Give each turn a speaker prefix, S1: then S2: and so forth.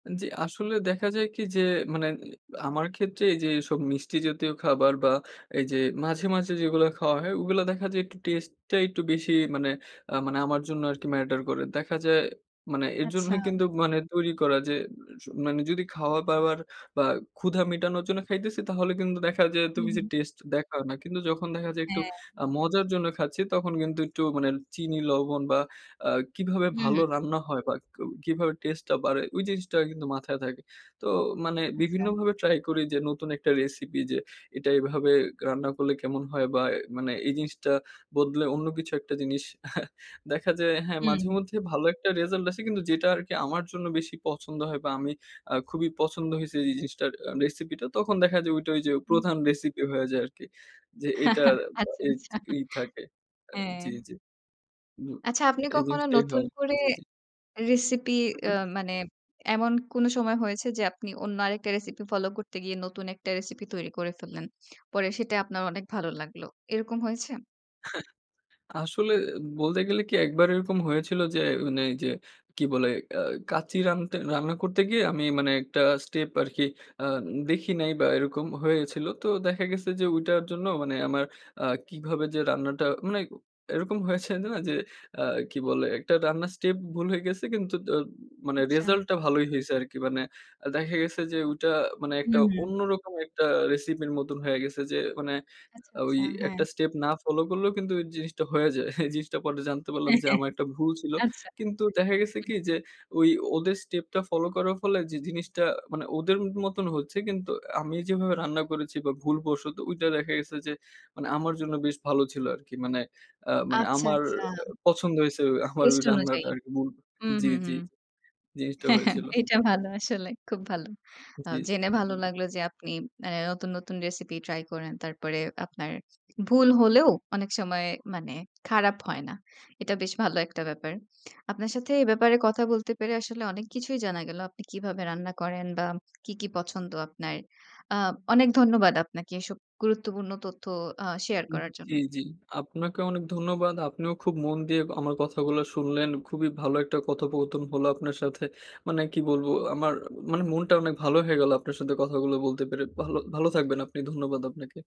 S1: জি, আসলে দেখা যায় কি যে মানে আমার ক্ষেত্রে এই যে এসব মিষ্টি জাতীয় খাবার বা এই যে মাঝে, মাঝে যেগুলো খাওয়া হয়, ওগুলো দেখা যায় একটু টেস্টটা একটু বেশি মানে আ মানে আমার জন্য আরকি ম্যাটার করে। দেখা যায় মানে এর
S2: আচ্ছা।
S1: জন্যই কিন্তু মানে তৈরি করা যে সু মানে যদি খাওয়া-দাওয়ার বা ক্ষুধা মিটানোর জন্য খাইতেছি তাহলে কিন্তু দেখা যায় এত
S2: হুম,
S1: বেশি
S2: হুম।
S1: টেস্ট দেখাও না। কিন্তু যখন দেখা যায় একটু
S2: হ্যা।
S1: আ মজার জন্য খাচ্ছি তখন কিন্তু একটু মানে চিনি লবণ বা আ কিভাবে
S2: হুম, হুম,
S1: ভালো
S2: হুম।
S1: রান্না হয় বা ক কিভাবে টেস্টে টা বাড়ে ওই জিনিসটা কিন্তু মাথায় থাকে। তো মানে
S2: আচ্ছা।
S1: বিভিন্নভাবে ট্রাই করি যে নতুন একটা রেসিপি যে এটা এভাবে রান্না করলে কেমন হয় বা মানে এই জিনিসটা বদলে অন্য কিছু একটা জিনিস দেখা যায় হ্যা, মাঝে
S2: হুম।
S1: মধ্যে ভালো একটা রেসাল্ট আসে কিন্তু যেটা আরকি আমার জন্য বেশি পছন্দ হয় বা আমি আ খুবই পছন্দ হইছি যে জিনিসটার আ রেসিপিটা তখন দেখা যায় ঐ যে
S2: হুম।
S1: প্রধান রেসিপি হয়ে যায় আরকি। যে এইটার
S2: আচ্ছা,
S1: এই
S2: আচ্ছা।
S1: এই থাকে। আ জি,
S2: হ্যা।
S1: জি। মিউ আ
S2: আচ্ছা আপনি
S1: এই
S2: কখনো
S1: জিনিসটাই
S2: নতুন
S1: হয়।
S2: করে
S1: জি, জি।
S2: রেসিপি
S1: হু,
S2: অ্যা
S1: হু।
S2: মানে এমন কোনো সময় হয়েছে যে, আপনি অন্য আরেকটা রেসিপি ফলো করতে গিয়ে নতুন একটা রেসিপি তৈরি করে ফেললেন? পরে সেটাই আপনার অনেক ভালো লাগলো, এরকম হয়েছে?
S1: আসলে বলতে গেলে কি, একবার এরকম হয়েছিল যে মানে এই যে কি বলে? অ্যা কাঁচ্চি রানতে রান্না করতে গিয়ে আমি মানে একটা স্টেপ আরকি আ দেখি নাই বা এরকম হয়েছিল। তো দেখা গেছে যেটার ঐ জন্য মানে আমার আ কিভাবে যে রান্নাটা মানে এরকম হয়েছে না যে আ কি বলে একটা রান্নার স্টেপ ভুল হয়ে গেছি, কিন্তু দ মানে
S2: আচ্ছা।
S1: রেজাল্ট টা ভালোই হইছে আরকি। মানে দেখা গেছে যে ওইটা মানে একটা
S2: হুম, হুম।
S1: অন্যরকম একটা রেসিপির মতন হয়ে গেছে যে মানে
S2: আচ্ছা,
S1: ওই
S2: আচ্ছা হ্যা।
S1: একটা স্টেপ না ফলো করলেও কিন্তু জিনিসটা হয়ে যায়। এই জিনিসটা পরে জানতে পারলাম
S2: হ্যা,
S1: যে
S2: হ্যা,
S1: আমার একটা ভুল ছিল
S2: হ্যা আচ্ছা,
S1: কিন্তু দেখা গেছে
S2: হুম।
S1: কি যে ঐ ওদের স্টেপ টা ফলো করার ফলে, যে জিনিসটা মানে ওদের মতন হচ্ছে কিন্তু আমি যেভাবে রান্না করেছি বা ভুলবশত ওইটা দেখা গেছে যে মানে আমার জন্য বেশ ভালো ছিল আরকি। মানে আ মানে
S2: আচ্ছা,
S1: আমার
S2: আচ্ছা।
S1: অ্যা পছন্দ হইছে, আমার ওই
S2: টেস্ট অনুযায়ী।
S1: রান্নাটা আরকি। মূল
S2: হুম,
S1: জি,
S2: হুম,
S1: জি
S2: হুম,
S1: জিনিসটা
S2: হ্যা, হ্যা
S1: হয়েছিল।
S2: এটা ভালো আসলে খুব ভালো। আ
S1: জি।
S2: জেনে ভালো লাগলো যে আপনি অ্যা নতুন, নতুন রেসিপি ট্রাই করেন। তারপরে আপনার ভুল হলেও অনেক সময় মানে খারাপ হয় না। এটা বেশ ভালো একটা ব্যাপার। আপনার সাথে এ ব্যাপারে কথা বলতে পেরে আসলে অনেক কিছুই জানা গেল, আপনি কিভাবে রান্না করেন বা কী, কী পছন্দ আপনার। আ অনেক ধন্যবাদ আপনাকে এসব গুরুত্বপূর্ণ তথ্য আ শেয়ার
S1: উ
S2: করার জন্য।
S1: জি, জি আপনাকেও অনেক ধন্যবাদ, আপনিও খুব মন দিয়ে আমার কথাগুলো শুনলেন, খুবই ভালো একটা কথোপকথন হলো আপনার সাথে। মানে কি বলবো, আমার মানে মনটা অনেক ভালো হয়ে গেলো আপনার সাথে কথাগুলো বলতে পেরে ভালো ভালো থাকবেন আপনি ধন্যবাদ আপনাকে।